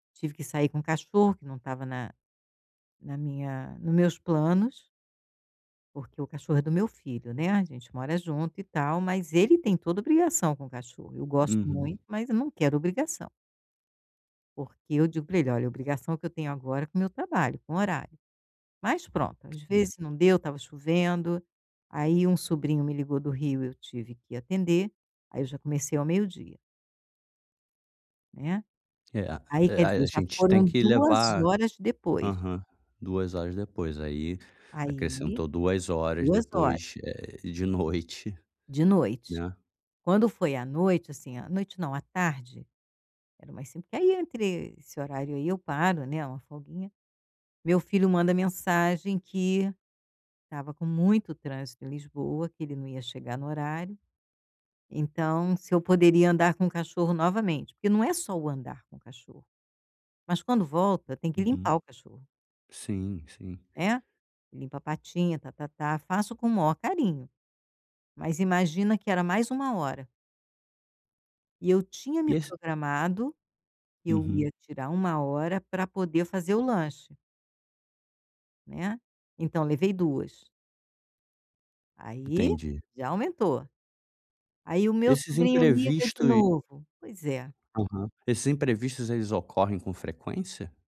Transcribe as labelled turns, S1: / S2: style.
S1: Tive que sair com cachorro que não estava na na minha no meus planos. Porque o cachorro é do meu filho, né, a gente mora junto e tal, mas ele tem toda a obrigação com o cachorro. Eu gosto
S2: Uhum.
S1: muito, mas eu não quero obrigação. Porque eu digo para ele: "Olha, obrigação que eu tenho agora com o meu trabalho, com horário". Mas pronto, às
S2: Hum.
S1: vezes não deu, estava chovendo. Aí um sobrinho me ligou do Rio. Eu tive que atender. Aí eu já comecei ao meio-dia. Né.
S2: É, a
S1: Aí
S2: é,
S1: quer dizer,
S2: a
S1: já
S2: gente tem
S1: foram
S2: que
S1: 2
S2: levar
S1: horas depois.
S2: aham. 2 horas depois. Aí,
S1: Aí
S2: acrescentou 2 horas
S1: 2 hora.
S2: depois, eh, de noite,
S1: De noite.
S2: né.
S1: Quando foi à noite assim, à noite, não, à tarde, era mais cin que ai entre esse horário aí eu paro, né, uma folguinha. Meu filho manda mensagem que estava com muito trânsito em Lisboa, que ele não ia chegar no horário, então, se eu poderia andar com o cachorro novamente. Porque não é só o andar com o cachorro, mas quando volta tem que
S2: Uhum.
S1: limpar o cachorro.
S2: Sim, sim.
S1: Né, limpa a patinha, ta-ta-tá. Faço com o maior carinho, mas imagina que era mais 1 hora. E eu tinha me
S2: E esse
S1: programado que eu ia
S2: Uhum.
S1: tirar 1 hora para poder fazer o lanche. Né, então levei 2. Aí,
S2: Entendi.
S1: já aumentou. Aí o meu
S2: Esses
S1: sobrinho liga
S2: imprevisto
S1: de novo. Pois é.
S2: Aham. Esses imprevistos eles ocorrem com frequência?